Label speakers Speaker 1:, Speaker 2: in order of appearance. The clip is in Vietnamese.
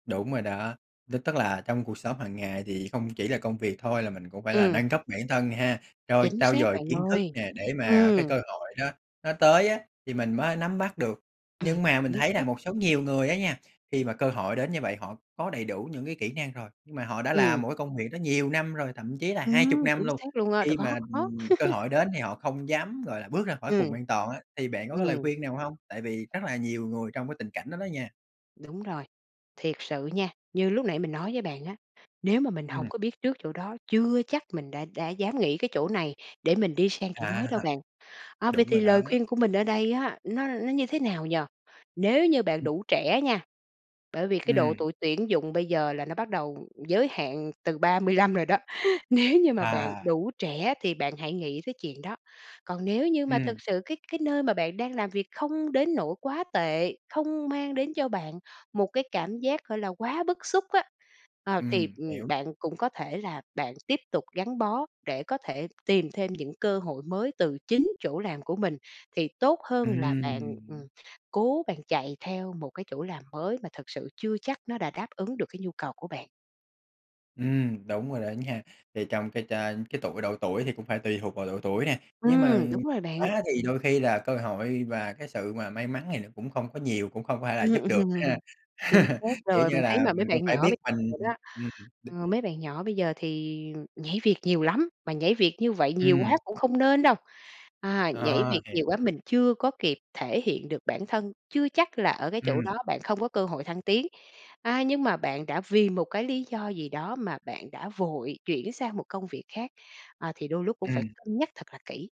Speaker 1: Đúng rồi đó, tức tức là trong cuộc sống hàng ngày thì không chỉ là công việc thôi, là mình cũng phải là
Speaker 2: Ừm.
Speaker 1: nâng cấp bản thân nè ha, trôi
Speaker 2: Chính
Speaker 1: trau
Speaker 2: xác
Speaker 1: dồi
Speaker 2: bạn
Speaker 1: kiến thức
Speaker 2: ơi.
Speaker 1: nè, để mà cái
Speaker 2: Ừm.
Speaker 1: cơ hội đó nó tới á thì mình mới nắm bắt được.
Speaker 2: Ừm.
Speaker 1: Nhưng mà mình
Speaker 2: Chính
Speaker 1: thấy là
Speaker 2: xác.
Speaker 1: một số nhiều người á nha, khi mà cơ hội đến như vậy họ có đầy đủ những cái kỹ năng rồi, nhưng mà họ đã làm
Speaker 2: Ừm.
Speaker 1: một cái công việc đó nhiều năm rồi, thậm chí là 20
Speaker 2: Ừm,
Speaker 1: năm
Speaker 2: chính
Speaker 1: luôn.
Speaker 2: xác luôn á. Rồi,
Speaker 1: Khi mà,
Speaker 2: có, có.
Speaker 1: ừm, cơ hội đến thì họ không dám gọi là bước ra khỏi
Speaker 2: Ừm.
Speaker 1: vùng an toàn á, thì bạn có cái lời
Speaker 2: Ừm.
Speaker 1: khuyên nào hông? Tại vì rất là nhiều người trong cái tình cảnh đó đó nha.
Speaker 2: Đúng rồi, thiệt sự nha, như lúc nãy mình nói với bạn á, nếu mà mình hổng
Speaker 1: Ừm.
Speaker 2: có biết trước chỗ đó, chưa chắc mình đã đã dám nghỉ cái chỗ này để mình đi sang chỗ mới
Speaker 1: À.
Speaker 2: đâu bạn. À, vậy
Speaker 1: Đúng
Speaker 2: thì
Speaker 1: rồi đó.
Speaker 2: lời khuyên của mình ở đây á, nó nó như thế nào nhỉ? Nếu như bạn
Speaker 1: Ừm.
Speaker 2: đủ trẻ á nha, bởi vì cái độ
Speaker 1: Ừm.
Speaker 2: tuổi tuyển dụng bây giờ là nó bắt đầu giới hạn từ 35 rồi đó. Nếu như mà bạn
Speaker 1: À.
Speaker 2: đủ trẻ thì bạn hãy nghĩ tới chuyện đó. Còn nếu như mà
Speaker 1: Ừm.
Speaker 2: thực sự cái cái nơi mà bạn đang làm việc không đến nỗi quá tệ, không mang đến cho bạn một cái cảm giác gọi là quá bức xúc á, ờ, thì,
Speaker 1: Ừm,
Speaker 2: ừm,
Speaker 1: hiểu.
Speaker 2: bạn cũng có thể là bạn tiếp tục gắn bó, để có thể tìm thêm những cơ hội mới từ chính chỗ làm của mình, thì tốt hơn là bạn,
Speaker 1: Ừm.
Speaker 2: ừm, cố bạn chạy theo một cái chỗ làm mới, mà thực sự chưa chắc nó đã đáp ứng được cái nhu cầu của bạn.
Speaker 1: Ừm, đúng rồi đó nha. Thì trong cái chà cái tuổi độ tuổi thì cũng phải tùy thuộc vào độ tuổi nè, nhưng mà
Speaker 2: Ừm, đúng rồi bạn.
Speaker 1: quá thì đôi khi là cơ hội và cái sự mà may mắn thì nó cũng không có nhiều, cũng không phải là
Speaker 2: Ừm,
Speaker 1: giúp được ha.
Speaker 2: ừm. Chính xác
Speaker 1: Kiểu
Speaker 2: rồi.
Speaker 1: như
Speaker 2: Mình thấy
Speaker 1: là
Speaker 2: mà mấy
Speaker 1: mình cũng
Speaker 2: bạn
Speaker 1: phải
Speaker 2: nhỏ
Speaker 1: biết
Speaker 2: bây
Speaker 1: mình
Speaker 2: giờ đó,
Speaker 1: ừm.
Speaker 2: ờ, mấy bạn nhỏ bây giờ thì nhảy việc nhiều lắm, mà nhảy việc như vậy nhiều quá
Speaker 1: Ừm.
Speaker 2: cũng không nên đâu. À, nhảy
Speaker 1: À,
Speaker 2: việc nhiều quá
Speaker 1: hiểu.
Speaker 2: mình chưa có kịp thể hiện được bản thân, chưa chắc là ở cái chỗ
Speaker 1: Ừm.
Speaker 2: đó bạn không có cơ hội thăng tiến. À, nhưng mà bạn đã vì một cái lý do gì đó mà bạn đã vội chuyển sang một công việc khác, à, thì đôi lúc cũng phải
Speaker 1: Ừm.
Speaker 2: cân nhắc thật là kỹ.